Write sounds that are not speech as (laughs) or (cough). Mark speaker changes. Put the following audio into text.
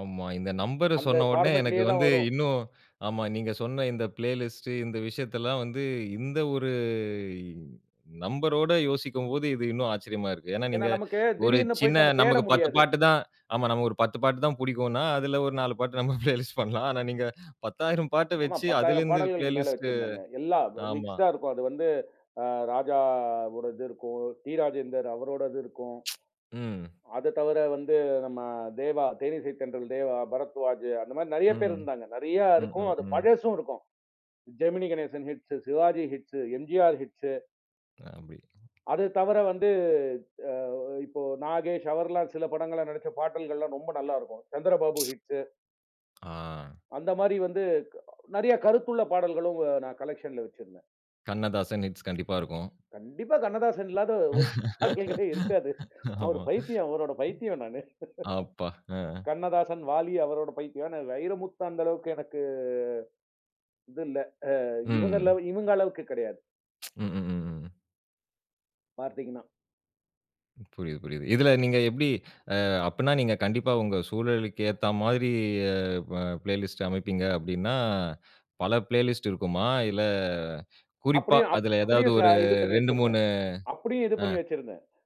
Speaker 1: ஆமா. இந்த நம்பர்
Speaker 2: அந்த
Speaker 1: சொன்னவுனே எனக்கு
Speaker 2: பார்மட்லேயே தான்
Speaker 1: வந்து
Speaker 2: வரும்.
Speaker 1: இன்னும் ஆமா, நீங்க சொன்ன இந்த பிளேலிஸ்ட் இந்த விஷயத்தல்லாம் வந்து இந்த ஒரு நம்பரோட யோசிக்கும்போது இது இன்னும் ஆச்சரியமா இருக்கு. ஏன்னா,
Speaker 2: ஏனா,
Speaker 1: நீங்க
Speaker 2: நமக்கு
Speaker 1: ஒரு
Speaker 2: திடீர்னு
Speaker 1: சின்ன
Speaker 2: போயிட்டு நம்ம தேட
Speaker 1: நமக்கு 10
Speaker 2: முடியாது.
Speaker 1: பாட்டு தான், நமக்கு ஒரு 10 பாட்டு தான் பிடிக்குன்னா, அதில ஒரு 4 பாட்டு நம்ம பிளேலிஸ்ட் பண்ணலாம். ஆனா நீங்க 10,000 பாட்ட
Speaker 2: ஆமா
Speaker 1: வச்சு
Speaker 2: 10,000
Speaker 1: அதிலிருந்து
Speaker 2: பாடல்களுக்கு மேல
Speaker 1: பிளேலிஸ்ட்
Speaker 2: வச்சிருந்தேங்க. எல்லாம்
Speaker 1: ஆமா.
Speaker 2: மிக்ஸ்ட்டா இருக்கும். அது வந்து ஆ ராஜா ஒரு இது இருக்கும். டி. ராஜேந்தர் அவரோட இது இருக்கும்.
Speaker 1: (tsk) ம்.
Speaker 2: அதத் தவிர வந்து நம்ம தேவா, தேனிசை தென்றல் தேவா, பரத்வாஜ் அந்தமாரி நிறைய பேர்
Speaker 1: ம்.
Speaker 2: இருந்தாங்க. நிறைய
Speaker 1: ம்,
Speaker 2: இருக்கும்.
Speaker 1: ம்.
Speaker 2: அது
Speaker 1: ம்.
Speaker 2: பழசும் இருக்கும். Gemini Ganesan hits, Sivaji hits, MGR hits.
Speaker 1: அப்பிடி.
Speaker 2: அது தவிர வந்து தா இப்போ நாகேஷ் அவர்லாம் சில படங்கள்ல நடிச்ச பாடல்களெல்லாம் ரொம்ப நல்லா இருக்கும். சந்திரபாபு
Speaker 1: (tsk)
Speaker 2: ஹிட்ஸ்.
Speaker 1: ஆ.
Speaker 2: அந்தமாரி வந்து நிறைய கருத்துள்ள பாடல்களும், நான் கலெக்ஷன்ல வச்சிருந்தேன்.
Speaker 1: கண்ணதாசன் ஹிட்ஸ் கண்டிப்பா இருக்கும்.
Speaker 2: கண்டிப்பா கண்ணதாசன் இல்லாத ஒரு பாடல்களே இருக்காது.
Speaker 1: (laughs)
Speaker 2: நான் ஒரு
Speaker 1: ஆமா.
Speaker 2: பைத்தியம் அவரோட பைத்தியம் நானு. (laughs)
Speaker 1: அப்பா! ஆ.
Speaker 2: கண்ணதாசன், வாலி அவரோட பைத்தியம். நான் வைரமுத்து அந்தளவுக்கு எனக்கு இது இல்ல. ஆ இவுங்கல
Speaker 1: ம்.
Speaker 2: இவுங்க அளவுக்கு கிடையாது.
Speaker 1: (tsk) ம், ம், ம்.
Speaker 2: பார்த்தீங்கன்னா.
Speaker 1: புரியுது, புரியுது. இதில நீங்க எப்பிடி ஆ அப்பிடின்னா, நீங்க கண்டிப்பா உங்க சூழலுக்கேத்தாமாரி அ ப பிளேலிஸ்ட் அமைப்பீங்க அப்பிடின்னா, பல பிளேலிஸ்ட் இருக்குமா? இல்ல குறிப்பா
Speaker 2: அப்பிடியும்
Speaker 1: அதில ஏதாவது
Speaker 2: அப்படியும் க
Speaker 1: ஒரு
Speaker 2: இது பண்ணி
Speaker 1: இரண்டு,
Speaker 2: வச்சிருந்தேன்.
Speaker 1: மூனு
Speaker 2: அப்பிடியும் இது பண்ணி
Speaker 1: ஆ.
Speaker 2: வச்சிருந்தேன்.